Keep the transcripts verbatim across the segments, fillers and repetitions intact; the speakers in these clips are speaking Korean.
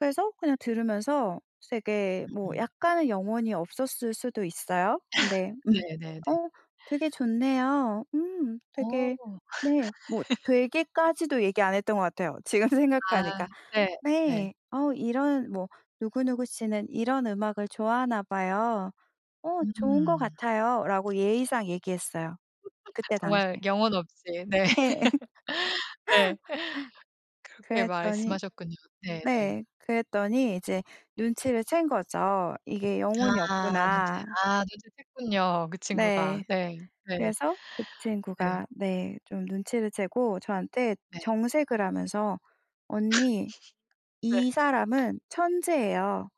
그래서 그냥 들으면서 되게 뭐 음음. 약간은 영혼이 없었을 수도 있어요. 근데 "음 네네네. 어 되게 좋네요. 음 어. 되게" 네 뭐 되게 까지도 얘기 안 했던 것 같아요, 지금 아 생각하니까. 네 네. 네. "어 이런" 뭐 "누구누구 씨는 이런 음악을 좋아하나 봐요." "어 좋은 것 음. 같아요."라고 예의상 얘기했어요 그때 정말 당시에. 영혼 없이 네. 네. 네. 그렇게 그랬더니 말씀하셨군요. 네 네. 네 그랬더니 이제 눈치를 챈 거죠. '이게 영혼이 아 눈치 없구나.' 아 눈치챘군요, 그 친구가. 네. 네. 네. 그래서 그 네. 친구가 네 좀 눈치를 채고 저한테 네. 정색을 하면서 "언니 네. 이 사람은 천재예요.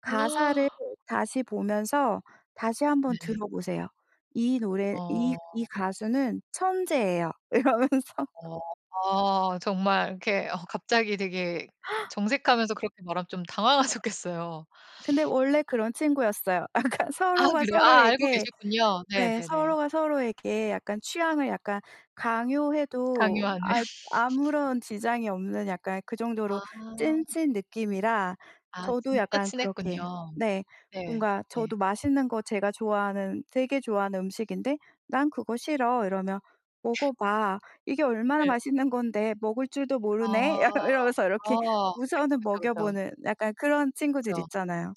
가사를 다시 보면서 다시 한 번 네. 들어 보세요. 이 노래 이 어. 이 가수는 천재예요." 이러면서. 어 아 정말 이렇게 어 갑자기 되게 정색하면서 그렇게 말하면 좀 당황하셨겠어요. 근데 원래 그런 친구였어요. 약간 아 서로가 그래요? 아 알고 서로에게 계셨군요. 네 네네네. 서로가 서로에게 약간 취향을 약간 강요해도 강요하는. 아 아무런 지장이 없는 약간 그 정도로 아. 찐친 느낌이라 아 저도 진짜 약간 친했군요. 그렇게 네 네. 뭔가 네. 저도 맛있는 거 제가 좋아하는 되게 좋아하는 음식인데 "난 그거 싫어." 이러면 "먹어 봐. 이게 얼마나 네. 맛있는 건데 먹을 줄도 모르네." 약간 아. 이러면서 이렇게 아. 그쵸, 우선은 그쵸, 먹여 그쵸. 보는 약간 그런 친구들이 그쵸. 있잖아요.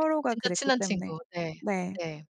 그쵸. 진짜 그랬기 친한 때문에. 친구. 네 네. 네.